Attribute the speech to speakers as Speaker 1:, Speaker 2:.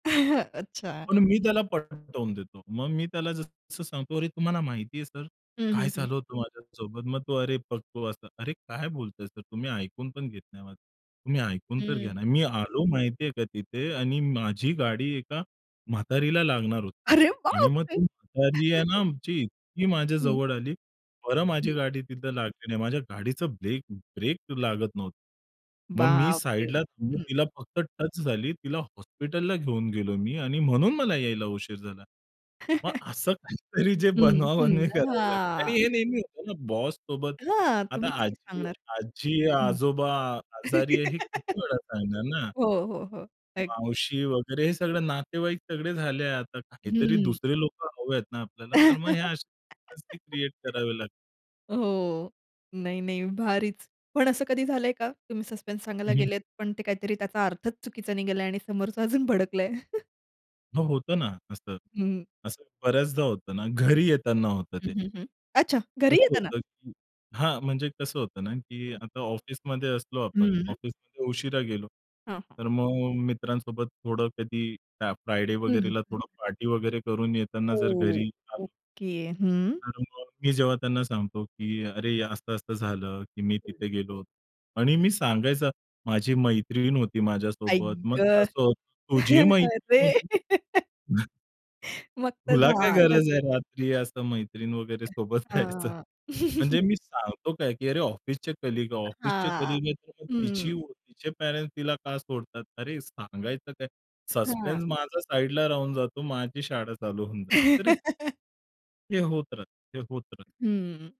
Speaker 1: अच्छा.
Speaker 2: पण मी
Speaker 1: हं.
Speaker 2: त्याला पटवून देतो. मग मी त्याला जसं सांगतो, "तुम्हाला माहिती आहे सर,
Speaker 1: हं,
Speaker 2: काय
Speaker 1: हं, हं.
Speaker 2: झालं होतं माझ्यासोबत?" मग तो, "अरे बघतो" असं. "अरे, काय बोलताय सर तुम्ही ऐकून पण घेत नाही माझं. तुम्ही ऐकून तर
Speaker 1: हं.
Speaker 2: घ्या ना, मी आलो माहिती आहे का तिथे आणि माझी गाडी एका म्हातारीला लागणार होती
Speaker 1: अरे
Speaker 2: आणि मग ती
Speaker 1: बापरे!
Speaker 2: म्हातारी आहे ना आमची इतकी माझ्या
Speaker 1: हं.
Speaker 2: जवळ आली. बरं,
Speaker 1: हं.
Speaker 2: माझी गाडी तिथे लागली नाही माझ्या गाडीचा ब्रेक ब्रेक लागत नव्हतं. मग मी
Speaker 1: बापरे!
Speaker 2: साइडला थांबून
Speaker 1: हं.
Speaker 2: तिला फक्त टच झाली. तिला हॉस्पिटलला घेऊन गेलोय मी आणि म्हणून मला यायला उशीर झाला." मग असं काहीतरी जे
Speaker 1: हं.
Speaker 2: बनवाबनवी
Speaker 1: हं.
Speaker 2: करावी लागते
Speaker 1: हां.
Speaker 2: आणि हे नेहमी होतं ना बॉससोबत.
Speaker 1: हां,
Speaker 2: आता
Speaker 1: तुम्ही किती
Speaker 2: आजी
Speaker 1: सांगणार?
Speaker 2: आजी अ,
Speaker 1: हं.
Speaker 2: आजोबा आजारी आहे हे किती वेळा सांगणार ना!
Speaker 1: हो, हो, हो.
Speaker 2: मावशी
Speaker 1: ऐकते.
Speaker 2: वगैरे हे सगळे नातेवाईक सगळे झाले, आता काहीतरी
Speaker 1: हं.
Speaker 2: दुसरे लोक हवे आहेत ना आपल्याला, तर मग हे असे [unintelligible] क्रिएट करावे लागते.
Speaker 1: हो, नाही, नाही, भारीच! पण असं कधी झालंय का तुम्ही सस्पेन्स सांगायला
Speaker 2: हं, हं.
Speaker 1: गेलेत, पण ते काहीतरी त्याचा अर्थच चुकीचा निघाला आणि समोरचा अजून भडकलाय?
Speaker 2: हो होतं ना असं,
Speaker 1: हं.
Speaker 2: असं बऱ्याचदा होतं ना घरी येताना होतं
Speaker 1: हं,
Speaker 2: ते.
Speaker 1: हं, हं. अच्छा! घरी
Speaker 2: कसं
Speaker 1: येताना?
Speaker 2: होतं की हां, म्हणजे कसं होतं ना की
Speaker 1: हं.
Speaker 2: आता ऑफिसमध्ये असलो आपण
Speaker 1: हं.
Speaker 2: ऑफिसमध्ये उशिरा गेलो,
Speaker 1: हां, हां.
Speaker 2: तर मग मित्रांसोबत थोडं कधी काय फ्रायडे
Speaker 1: हं, हं.
Speaker 2: वगैरेला थोडं पार्टी वगैरे करून येताना जर
Speaker 1: ओह,
Speaker 2: घरी आलो
Speaker 1: ओके, हं.
Speaker 2: तर मग मी जेव्हा त्यांना सांगतो की अरे, हे असं-असं झालं, की मी
Speaker 1: हं.
Speaker 2: तिथे गेलो आणि मी सांगायचं, माझी मैत्रीण होती
Speaker 1: आई
Speaker 2: माझ्यासोबत. मग ते
Speaker 1: ग!
Speaker 2: असं होतं, "तुझी मैत्रीण
Speaker 1: अरे.
Speaker 2: होती?"
Speaker 1: मग तर
Speaker 2: "तुला काय
Speaker 1: झालंच!
Speaker 2: गरज आहे रात्री असं मैत्रीण वगैरे सोबत जायचं?"
Speaker 1: हां.
Speaker 2: म्हणजे मी सांगतो काय की अरे, ऑफिसचे कलीग,
Speaker 1: अ,
Speaker 2: ऑफिसचे
Speaker 1: हां,
Speaker 2: कलीग आहे, तर मग तिची
Speaker 1: हं.
Speaker 2: व तिचे पॅरेंट्स तिला का सोडतात, अरे सांगायचं काय?
Speaker 1: अ, हां.
Speaker 2: सस्पेन्स माझा साइडला राहून जातो माझी शाळा चालू होऊन जाते. तर हे हे होत राहतं, ते होत राहतं.
Speaker 1: हं.